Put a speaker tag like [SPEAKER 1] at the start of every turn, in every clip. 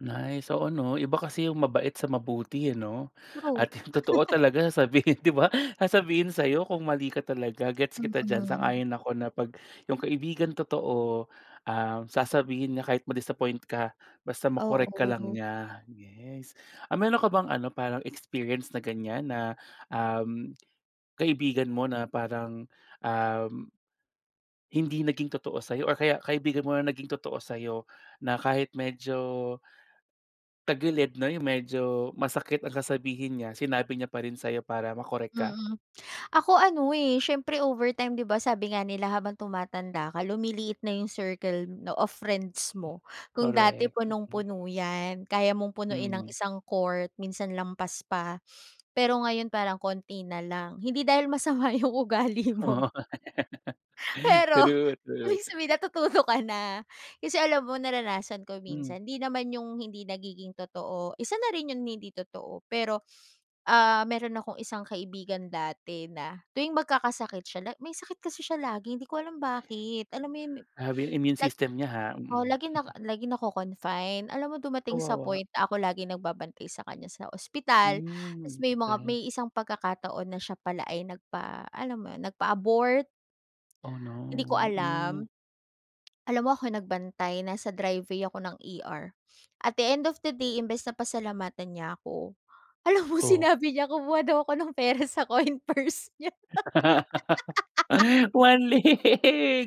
[SPEAKER 1] Nice. Oo, 'no, iba kasi 'yung mabait sa mabuti ano
[SPEAKER 2] True.
[SPEAKER 1] at totoo talaga sasabihin, 'di ba, sasabihin sa 'yo kung mali ka talaga. Gets kita diyan,
[SPEAKER 2] Mm.
[SPEAKER 1] sang-ayon ako na 'pag 'yung kaibigang totoo, ah, sasabihin niya kahit madis-appoint ka, basta ma-correct ka lang
[SPEAKER 2] Oo.
[SPEAKER 1] niya. Yes. Um, meron ka bang ano, parang experience na ganyan na, uhm, kaibigan mo na parang, uhm hindi naging totoo sa'yo or kaya kaibigan mo na naging totoo sa'yo na kahit medyo tagilid 'no, 'yong medyo masakit ang sasabihin niya, sinabi niya pa rin sa'yo para ma-correct ka?
[SPEAKER 2] Mm. Ako ano, eh, siyempre overtime, 'di ba, sabi nga nila habang tumatanda ka lumiliit na 'yung circle na of friends mo. Kung dati
[SPEAKER 1] Correct. Mm.
[SPEAKER 2] punong-puno 'yan, kaya mong punuin ng
[SPEAKER 1] Mm.
[SPEAKER 2] isang court, minsan lampas pa. Pero ngayon parang konti nalang hindi dahil masama 'yung ugali
[SPEAKER 1] Oo.
[SPEAKER 2] mo pero
[SPEAKER 1] True. True.
[SPEAKER 2] ibig sabihin, natutuyo ka na. Kasi alam mo, naranasan ko
[SPEAKER 1] Hmm.
[SPEAKER 2] minsan, hindi naman 'yung hindi nagiging totoo, isa na rin 'yung hindi totoo. Pero ah, meron akong isang kaibigan dati na tuwing magkakasakit siya la may sakit kasi siya lagi, hindi ko alam bakit? Alam mo 'yung
[SPEAKER 1] Grabe yung immune
[SPEAKER 2] nag
[SPEAKER 1] system niya, ah. Mm.
[SPEAKER 2] lagi nak lagi nako-confine. Alam mo, dumating sa
[SPEAKER 1] Kawawa.
[SPEAKER 2] point na ako laging nagbabantay sa kanya sa ospital. Tas
[SPEAKER 1] Hmm.
[SPEAKER 2] may mga
[SPEAKER 1] okey.
[SPEAKER 2] may isang pagkakataon na siya pala ay nagpa alam mo 'yun, nagpa-abort.
[SPEAKER 1] Oh,
[SPEAKER 2] Hindi ko
[SPEAKER 1] no!
[SPEAKER 2] alam.
[SPEAKER 1] Hmm.
[SPEAKER 2] Alam mo, ako nagbantay, nasa driveway ako ng ER. At the end of the day, imbes na pasalamatan niya ako, alam mo
[SPEAKER 1] Oh.
[SPEAKER 2] sinabi niya kumuha daw ako ng pera sa coin purse nya.
[SPEAKER 1] Waley.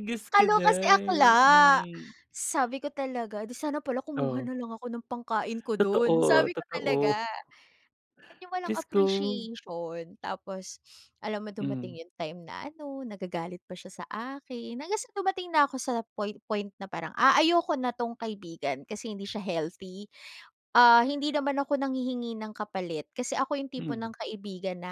[SPEAKER 1] Diyos ko
[SPEAKER 2] Kaloka si
[SPEAKER 1] 'day.
[SPEAKER 2] akla.
[SPEAKER 1] Hmm.
[SPEAKER 2] Sabi ko talaga, "Di sana pala kumuha
[SPEAKER 1] Oo.
[SPEAKER 2] nalang ako ng pangkain ko dun,"
[SPEAKER 1] Totoo,
[SPEAKER 2] sabi ko
[SPEAKER 1] totoo.
[SPEAKER 2] talaga. 'Yung walang
[SPEAKER 1] Diyos ko.
[SPEAKER 2] appreciation. Tapos alam mo,
[SPEAKER 1] Hmm.
[SPEAKER 2] dumating 'yung time na ano, nagagalit pa siya sa akin, hanggang sa dumating na ako sa point point na parang a ayoko na 'tong kaibigan kasi hindi siya healthy. Ah, hindi naman ako nanghihingi ng kapalit kasi ako 'yung tipo
[SPEAKER 1] Mm.
[SPEAKER 2] ng kaibigan na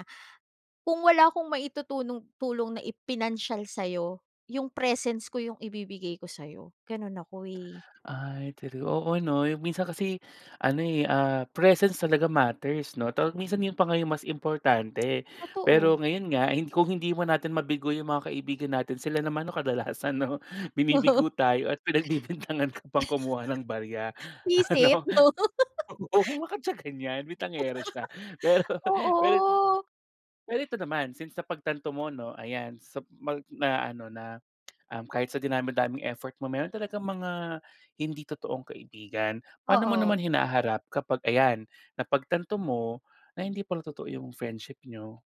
[SPEAKER 2] kung wala akong maitutulong tulong na i pinansiyal sa'yo, 'yung presence ko 'yung ibibigay ko sa 'yo, ganun ako eh.
[SPEAKER 1] Ay true. Oo 'no, 'yung minsan kasi ano, eh, ah, presence talaga matters, 'no. Though minsan 'yun pa ngayon mas importante. Pero
[SPEAKER 2] Totoo.
[SPEAKER 1] ngayon nga, eh, kung hindi mo natin mabigo 'yung mga kaibigan natin, sila naman, 'no, kadalasan, 'no? Binibigo tayo at pinagbibintangan ka pang kumuha ng barya.
[SPEAKER 2] Bwisit,
[SPEAKER 1] Ano?
[SPEAKER 2] 'no?
[SPEAKER 1] O, huwag siyang ganyan, bintangero siya, pero pero
[SPEAKER 2] Oo.
[SPEAKER 1] Pero ito naman, since napagtanto mo, 'no, ayan sa mag na ano na um, kahit sa dinami-daming effort mo, meron talagang mga hindi totoong kaibigan. Paano mo
[SPEAKER 2] Oo.
[SPEAKER 1] naman hinaharap kapag ayan, napagtanto mo na hindi pala totoo 'yung friendship niyo?